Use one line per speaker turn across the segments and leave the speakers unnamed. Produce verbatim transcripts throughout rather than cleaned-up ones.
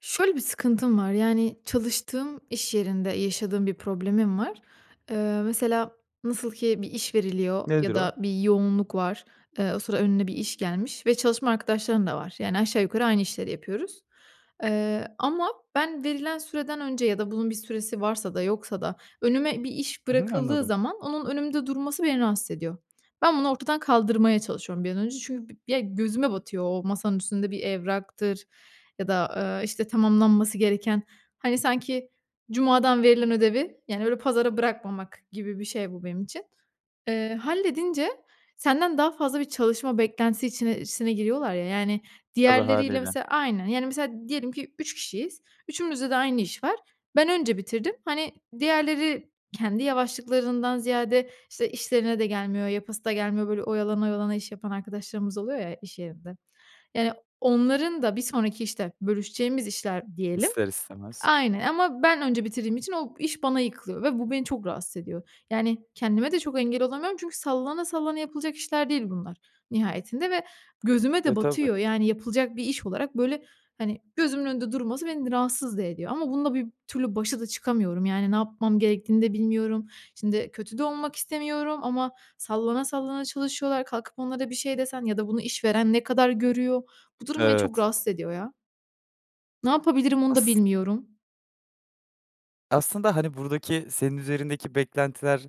Şöyle bir sıkıntım var. Yani, çalıştığım iş yerinde yaşadığım bir problemim var. Eee, mesela, nasıl ki bir iş veriliyor ya
Nedir o?
da bir yoğunluk var. Eee, o sıra önüne bir iş gelmiş ve çalışma arkadaşların da var. Yani, aşağı yukarı aynı işleri yapıyoruz. Eee, ama ben verilen süreden önce ya da bunun bir süresi varsa da yoksa da, önüme bir iş
Hı hı,
bırakıldığı
anladım.
zaman onun önümde durması beni rahatsız ediyor. Ben bunu ortadan kaldırmaya çalışıyorum bir an önce çünkü bi ya, gözüme batıyor. O masanın üstünde bir evraktır ya da, eee, işte, tamamlanması gereken, hani, sanki cumadan verilen ödevi, yani, öyle, pazara bırakmamak gibi bir şey bu benim için. Eee, halledince senden daha fazla bir çalışma beklentisi içine sine giriyorlar ya, yani,
Tabii,
diğerleriyle
hâliyle.
mesela aynı, yani, mesela diyelim ki, üç kişiyiz, üçümüzde de aynı iş var. Ben önce bitirdim, hani, diğerleri kendi yavaşlıklarından ziyade, işte, işlerine de gelmiyor, yapası da gelmiyor, böyle, oyalana, oyalana iş yapan arkadaşlarımız oluyor ya, iş yerinde. Yani, onların da bir sonraki, işte, bölüşeceğimiz işler diyelim
İster istemez.
aynen, ama ben önce bitirdiğim için o iş bana yıkılıyor ve bu beni çok rahatsız ediyor. Yani, kendime de çok engel olamıyorum çünkü sallana sallana yapılacak işler değil bunlar nihayetinde ve gözüme
E,
de
tabii.
batıyor. Yani, yapılacak bir iş olarak, böyle, hani, gözümün önünde durması beni rahatsız da ediyor ama bununla bir türlü başa da çıkamıyorum. Yani, ne yapmam gerektiğini de bilmiyorum. Şimdi, kötü de olmak istemiyorum ama sallana sallana çalışıyorlar, kalkıp onlara bir şey desen ya da bunu işveren ne kadar görüyor, bu durum beni çok
Evet.
rahatsız ediyor ya. Ne yapabilirim onu da
As
bilmiyorum.
aslında, hani, buradaki senin üzerindeki beklentiler,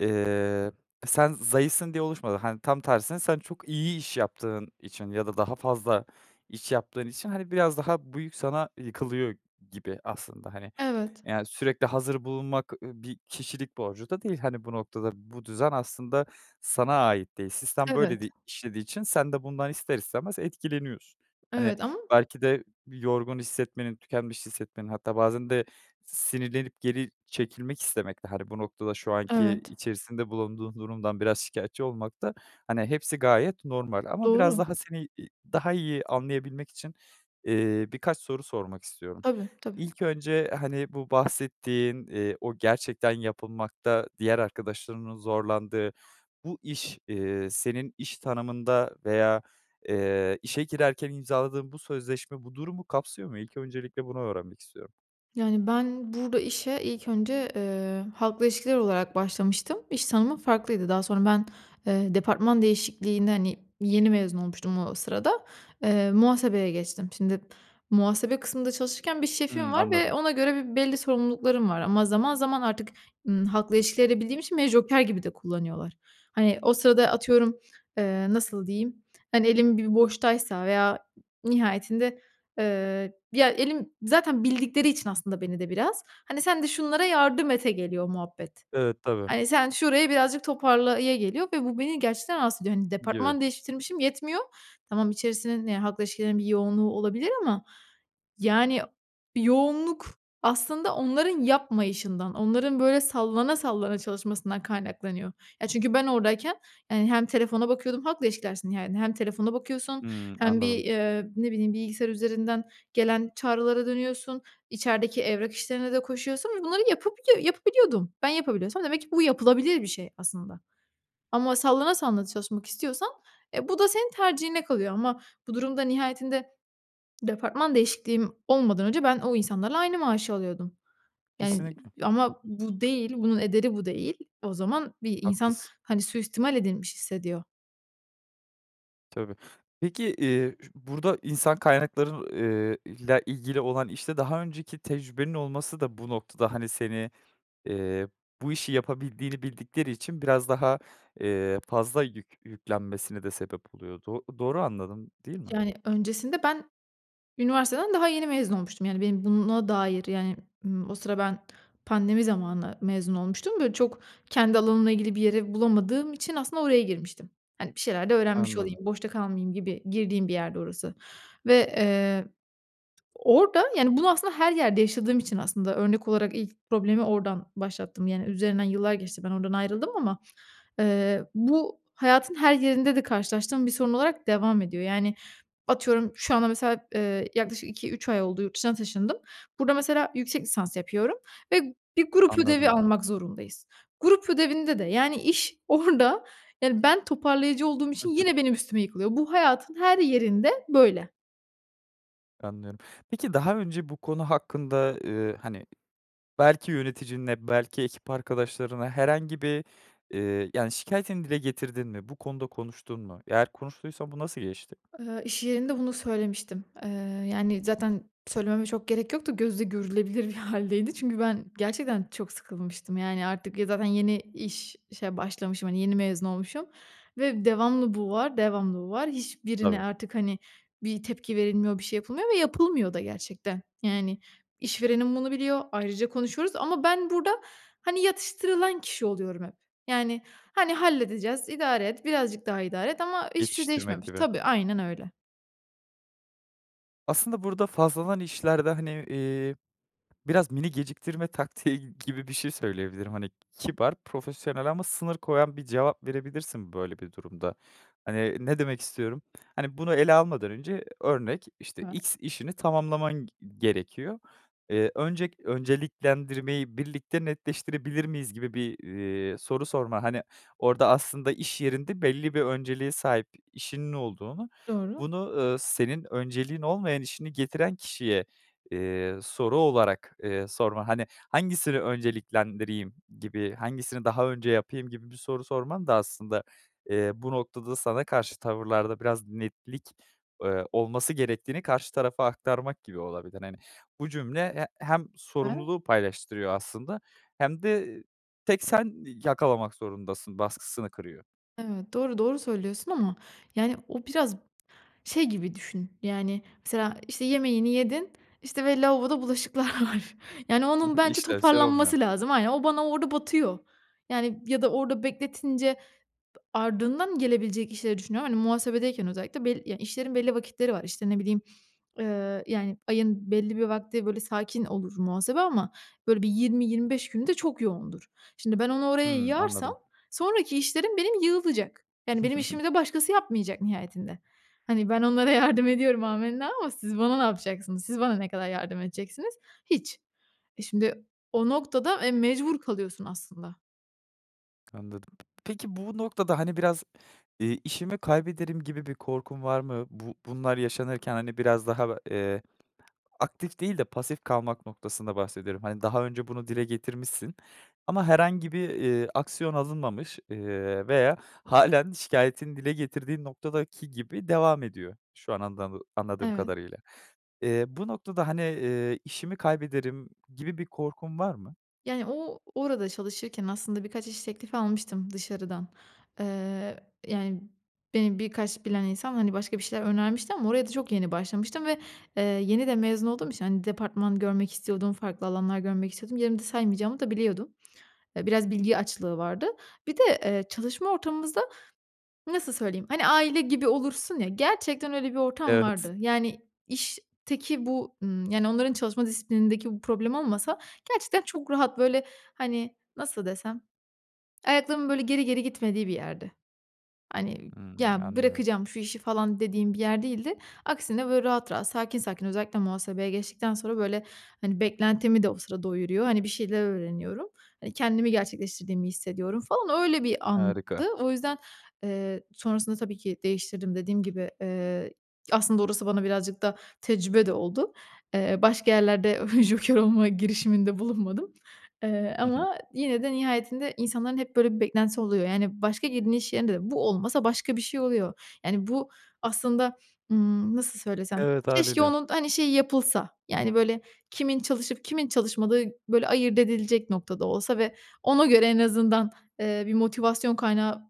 eee, sen zayıfsın diye oluşmadı. Hani, tam tersine, sen çok iyi iş yaptığın için ya da daha fazla iş yaptığın için, hani, biraz daha bu yük sana yıkılıyor gibi aslında. Hani,
Evet.
yani, sürekli hazır bulunmak, eee, bir kişilik borcu da değil. Hani, bu noktada, bu düzen aslında sana ait değil. Sistem böyle
Evet.
di işlediği için sen de bundan ister istemez etkileniyorsun. Hani,
Evet, ama
belki de yorgun hissetmenin, tükenmiş hissetmenin hatta bazen de sinirlenip geri çekilmek istemekte, hani, bu noktada şu anki
Evet.
içerisinde bulunduğun durumdan biraz şikayetçi olmakta, hani, hepsi gayet normal ama biraz
Doğru.
daha seni i daha iyi anlayabilmek için, eee, birkaç soru sormak istiyorum.
Tabii, tabii.
İlk önce, hani, bu bahsettiğin, eee, o gerçekten yapılmakta diğer arkadaşlarının zorlandığı bu iş, eee, senin iş tanımında veya, eee, işe girerken imzaladığın bu sözleşme bu durumu kapsıyor mu? İlk öncelikle bunu öğrenmek istiyorum.
Yani, ben burada işe ilk önce, ııı, halkla ilişkiler olarak başlamıştım. İş tanımım farklıydı. Daha sonra ben, eee, departman değişikliğini, hani, yeni mezun olmuştum o sırada. Eee, muhasebeye geçtim. Şimdi muhasebe kısmında çalışırken bir
Hıı,
şefim var ve
anladım.
ona göre bir belli sorumluluklarım var ama zaman zaman artık, ımm, halkla ilişkileri de bildiğim için beni joker gibi de kullanıyorlar. Hani, o sırada atıyorum, eee, nasıl diyeyim, hani, elim bir boştaysa veya nihayetinde, ııı, ya, elim zaten bildikleri için aslında beni de biraz, hani, "Sen de şunlara yardım et,"e geliyor muhabbet.
Evet, tabii.
Hani, "Sen şurayı birazcık toparla," ya geliyor ve bu, beni gerçekten rahatsız ediyor. Hani,
Gibi.
departman değiştirmişim yetmiyor, tamam, içerisinin, ya, halkla ilişkilerin bir yoğunluğu olabilir ama. Yani, yoğunluk aslında onların yapmayışından, onların, böyle, sallana sallana çalışmasından kaynaklanıyor. Ya, çünkü ben oradayken, hani, hem telefona bakıyordum, halkla ilişkilersin, yani, hem telefona bakıyorsun
Hıı,
hem bir,
anladım.
eee, ne bileyim, bilgisayar üzerinden gelen çağrılara dönüyorsun, içerideki evrak işlerine de koşuyorsun ve bunları yapabiliyo yapabiliyordum. Ben yapabiliyorsam demek ki bu yapılabilir bir şey aslında. Ama sallana sallana da çalışmak istiyorsan, eee, bu da senin tercihine kalıyor ama bu durumda nihayetinde departman değişikliğim olmadan önce ben o insanlarla aynı maaşı alıyordum. Yani, eee,
Kesinlikle.
ama bu değil, bunun ederi bu değil. O zaman bir insan,
Haklısın.
hani, süistimal edilmiş hissediyor.
Tabii. Peki, iii, ş burada insan kaynakları eee, ile ilgili olan işte daha önceki tecrübenin olması da bu noktada, hani, seni, eee, bu işi yapabildiğini bildikleri için biraz daha, eee, fazla yük yüklenmesine de sebep oluyor. Do doğru anladım, değil mi?
Yani, öncesinde ben üniversiteden daha yeni mezun olmuştum. Yani, benim buna dair, yani, ımm, o sıra ben pandemi zamanı mezun olmuştum, böyle, çok kendi alanımla ilgili bir yeri bulamadığım için aslında oraya girmiştim. Hani, bir şeyler de öğrenmiş olayım,
Anladım.
boşta kalmayayım gibi girdiğim bir yerdi orası. Ve, eee, orada, yani, bunu aslında her yerde yaşadığım için aslında örnek olarak ilk problemi oradan başlattım, yani, üzerinden yıllar geçti, ben oradan ayrıldım ama, eee, bu hayatın her yerinde de karşılaştığım bir sorun olarak devam ediyor. Yani, atıyorum, şu anda mesela, ııı, yaklaşık iki üç ay oldu yurt dışına taşındım. Burada mesela, yüksek lisans yapıyorum ve bir grup ödevi
Anladım.
almak zorundayız. Grup ödevinde de, yani, iş orada, yani, ben toparlayıcı olduğum için yine benim üstüme yıkılıyor. Bu hayatın her yerinde böyle.
Anlıyorum, peki, daha önce bu konu hakkında, eee, hani, belki yöneticinle, belki ekip arkadaşlarına herhangi bir, eee, yani, şikâyetini dile getirdin mi? Bu konuda konuştun mu? Eğer konuştuysan bu nasıl geçti?
Eee, iş yerinde bunu söylemiştim. Eee, yani, zaten söylememe çok gerek yok da, gözle görülebilir bir hâldeydi. Çünkü ben gerçekten çok sıkılmıştım. Yani, artık, ya, zaten yeni iş işe başlamışım, hani, yeni mezun olmuşum ve devamlı bu var, devamlı bu var. Hiçbirine
Tabii.
artık, hani, bir tepki verilmiyor, bir şey yapılmıyor ve yapılmıyor da gerçekten. Yani, işverenim bunu biliyor, ayrıca konuşuyoruz ama ben burada, hani, yatıştırılan kişi oluyorum hep. Yani, hani, "Halledeceğiz, idare et, birazcık daha idare et" ama hiçbir şey
Yetiştirmek
değişmemiş.
gibi.
Tabii, aynen öyle.
Aslında burada fazladan işlerde, hani, eee, biraz mini geciktirme taktiği g gibi bir şey söyleyebilirim. Hani, kibar, profesyonel ama sınır koyan bir cevap verebilirsin böyle bir durumda. Hani, ne demek istiyorum, hani, bunu ele almadan önce örnek, işte,
Ha.
x işini tamamlaman g gerekiyor. Eee, öncek önceliklendirmeyi birlikte netleştirebilir miyiz gibi bir, eee, soru sorma. Hani, orada, aslında iş yerinde belli bir önceliğe sahip işinin olduğunu,
Doğru.
bunu, eee, senin önceliğin olmayan işini getiren kişiye, eee, soru olarak, eee, sorma. Hani, hangisini önceliklendireyim gibi, hangisini daha önce yapayım gibi bir soru sorman da aslında, eee, bu noktada sana karşı tavırlarda biraz netlik, eee, olması gerektiğini karşı tarafa aktarmak gibi olabilir. Hani, bu cümle he hem
E
sorumluluğu paylaştırıyor aslında hem de "Tek sen yakalamak zorundasın" baskısını kırıyor.
Evet, doğru, doğru söylüyorsun ama, yani, o biraz şey gibi düşün, yani, mesela, işte, yemeğini yedin, işte, ve lavaboda bulaşıklar var. Yani,
Hı
onun
hı,
bence
işlevsel olmuyor.
toparlanması lazım. Aynen, o bana orada batıyor. Yani, ya da orada bekletince b ardından gelebilecek işleri düşünüyorum. Hani, muhasebedeyken özellikle bel ya, işlerin belli vakitleri var. İşte, ne bileyim, eee, yani, ayın belli bir vakti, böyle, sakin olur muhasebe ama, böyle, bir yirmi yirmi beş günü de çok yoğundur. Şimdi, ben onu oraya
Hı,
yığarsam
anladım.
sonraki işlerim benim yığılacak. Yani, benim işimi de başkası yapmayacak nihayetinde. Hani, ben onlara yardım ediyorum amenna ama siz bana ne yapacaksınız? Siz bana ne kadar yardım edeceksiniz? Hiç. Eee, şimdi o noktada, eee, mecbur kalıyorsun aslında.
Anladım, peki, bu noktada, hani, biraz, eee, işimi kaybederim gibi bir korkun var mı? Bu bunlar yaşanırken, hani, biraz daha, b eee, aktif değil de pasif kalmak noktasında bahsediyorum. Hani, daha önce bunu dile getirmişsin ama herhangi bir, eee, aksiyon alınmamış, eee, veya hâlen şikâyetini dile getirdiğin noktadaki gibi devam ediyor. Şu an andamı anladığım
Evet.
kadarıyla, eee, bu noktada, hani, eee, işimi kaybederim gibi bir korkun var mı?
Yani, o orada çalışırken aslında birkaç iş teklif almıştım dışarıdan. Eee, yani, beni birkaç bilen insan, hani, başka bir şeyler önermişti ama oraya da çok yeni başlamıştım ve, eee, yeni de mezun olduğum için, hani, departman görmek istiyordum, farklı alanlar görmek istiyordum. Yerimde saymayacağımı da biliyordum. Eee, biraz bilgi açlığı vardı. Bir de, eee, çalışma ortamımızda, nasıl söyleyeyim, hani, aile gibi olursun ya, gerçekten öyle bir ortam
Evet.
vardı. Yani, işteki bu, ımm, yani, onların çalışma disiplinindeki bu problem olmasa gerçekten çok rahat, böyle, hani, nasıl desem, ayaklarımın, böyle, geri geri gitmediği bir yerdi. Hani,
Hı,
"Ya,
anlıyorum.
bırakacağım şu işi" falan, dediğim bir yer değildi. Aksine, böyle, rahat, rahat sakin, sakin özellikle muhasebeye geçtikten sonra, böyle, hani, beklentimi de o sıra doyuruyor. Hani, bir şeyler öğreniyorum. Hani, kendimi gerçekleştirdiğimi hissediyorum, falan. Öyle bir andı.
Harika.
O yüzden, eee, sonrasında tabii ki değiştirdim, dediğim gibi. Eee, aslında orası bana birazcık da tecrübe de oldu. Eee, başka yerlerde joker olma girişiminde bulunmadım, eee,
Hı hı.
ama yine de nihayetinde insanların hep, böyle, bir beklentisi oluyor. Yani, başka girdiğin iş yerinde de bu olmasa başka bir şey oluyor. Yani, bu aslında, ımm, nasıl söylesem,
Evet,
keşke
hâliyle.
onun, hani, şeyi, yapılsa, yani, böyle, kimin çalışıp kimin çalışmadığı, böyle, ayırt edilecek noktada olsa ve ona göre en azından, eee, bir motivasyon kaynağı,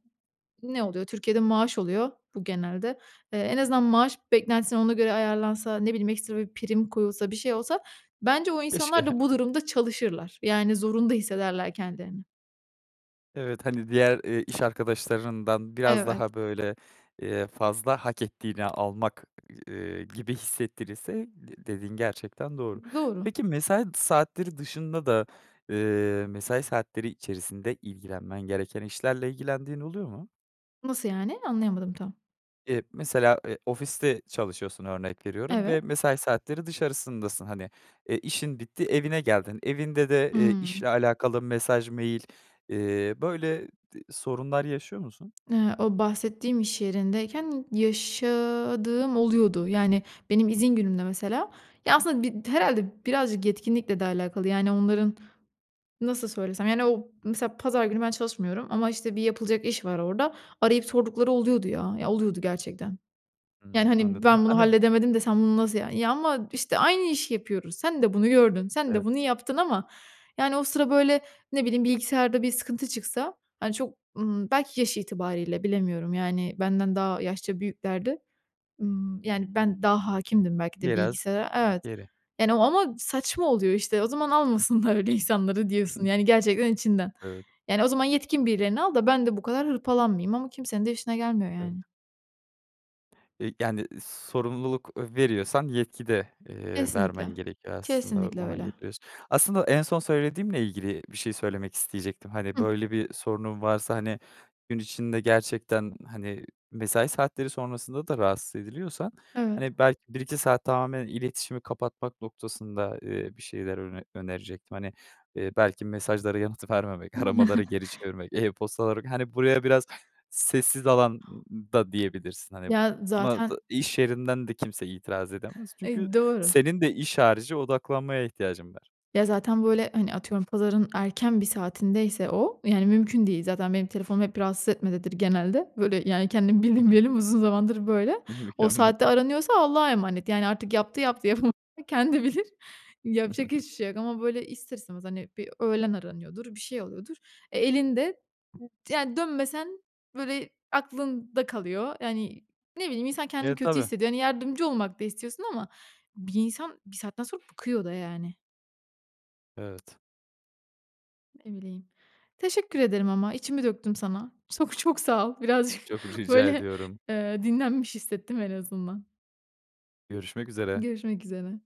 ne oluyor, Türkiye'de maaş oluyor bu genelde. Eee, en azından maaş beklentisini ona göre ayarlansa, ne bileyim, ekstra bir prim koyulsa, bir şey olsa, bence o
Keşke.
insanlar da bu durumda çalışırlar. Yani, zorunda hissederler kendilerini.
Evet, hani, diğer, eee, iş arkadaşlarından biraz
Evet.
daha, böyle, eee, fazla hak ettiğini almak, ııı, gibi hissettirirse de dediğin gerçekten doğru.
Doğru.
Peki, mesai saatleri dışında da, eee, mesai saatleri içerisinde ilgilenmen gereken işlerle ilgilendiğin oluyor mu?
Nasıl yani? Anlayamadım tam.
Eee, mesela, eee, ofiste çalışıyorsun örnek veriyorum ve
Evet.
mesai saatleri dışarısındasın. Hani, e, işin bitti evine geldin, evinde de, ııı,
Hımm.
işle alakalı mesaj, mail, eee, böyle d sorunlar yaşıyor musun?
Iıı, o bahsettiğim iş yerindeyken yaşadığım oluyordu. Yani, benim izin günümde mesela Ya, aslında, bi d herhâlde birazcık yetkinlikle de alakalı, yani, onların, nasıl söylesem, yani, o mesela pazar günü ben çalışmıyorum ama, işte, bir yapılacak iş var orada. Arayıp sordukları oluyordu, ya. Ya, oluyordu gerçekten. Yani,
Hımm,
hani,
anladım.
"Ben bunu
Hani, b
halledemedim de sen bunu nasıl" Ya, ama, işte, aynı işi yapıyoruz. Sen de bunu gördün. Sen de
Evet.
bunu yaptın ama, yani, o sıra, böyle, ne bileyim, bilgisayarda bir sıkıntı çıksa, hani, çok, ımm, belki yaş itibarıyla bilemiyorum, yani, benden daha yaşça büyüklerdi, ımm, yani, ben daha hâkimdim belki de
Biraz
bilgisayara, evet,
geri.
yani, o ama saçma oluyor işte. O zaman almasınlar öyle insanları diyorsun, yani, gerçekten içinden.
Evet.
Yani, o zaman yetkin birilerini al da ben de bu kadar hırpalanmayayım ama kimsenin de işine gelmiyor, yani.
Evet. Eee, yani, sorumluluk, eee, veriyorsan yetki de, eee, vermen
Kesinlikle,
gerekiyor. Aslında
kesinlikle
ona
öyle.
getiriyorsun. Aslında en son söylediğimle ilgili bir şey söylemek isteyecektim. Hani,
Hıh.
böyle, bir sorunun varsa, hani, gün içinde gerçekten, hani, mesai saatleri sonrasında da rahatsız ediliyorsan,
Evet.
hani, belki bir iki saat tamamen iletişimi kapatmak noktasında, eee, bir şeyler öner önerecektim. Hani, eee, belki mesajlara yanıt vermemek, aramaları geri çevirmek, e-postaları Hani, buraya biraz sessiz alan da diyebilirsin. Hani,
Ya,
buna
zaten
da iş yerinden de kimse itiraz edemez. Çünkü
E, doğru.
senin de iş harici odaklanmaya ihtiyacın var.
Ya, zaten böyle, hani, atıyorum, pazarın erken bir saatindeyse o, yani, mümkün değil. Zaten benim telefonum hep "rahatsız etme"dedir genelde. Böyle, yani, kendimi
Hı
bildim
hı.
bileli uzun zamandır böyle. O
Mükemmel.
saatte aranıyorsa Allah'a emanet. Yani, artık yaptı yaptı yapam [unintelligible] kendi bilir. Yapacak hiçbir şey yok ama, böyle, ister istemez, hani, bir öğlen aranıyordur, bir şey oluyordur. E, elinde t yani, dönmesen, böyle, aklında kalıyor. Yani, ne bileyim, insan kendini
E,
kötü
tabii.
hissediyor. Hani, yardımcı olmak da istiyorsun ama bir insan bir saatten sonra bıkıyor da, yani.
Evet.
Ne bileyim. Teşekkür ederim ama içimi döktüm sana. Sok çok sağ ol. Birazcık,
Çok rica
böyle,
ediyorum.
eee, dinlenmiş hissettim en azından.
Görüşmek üzere.
Görüşmek üzere.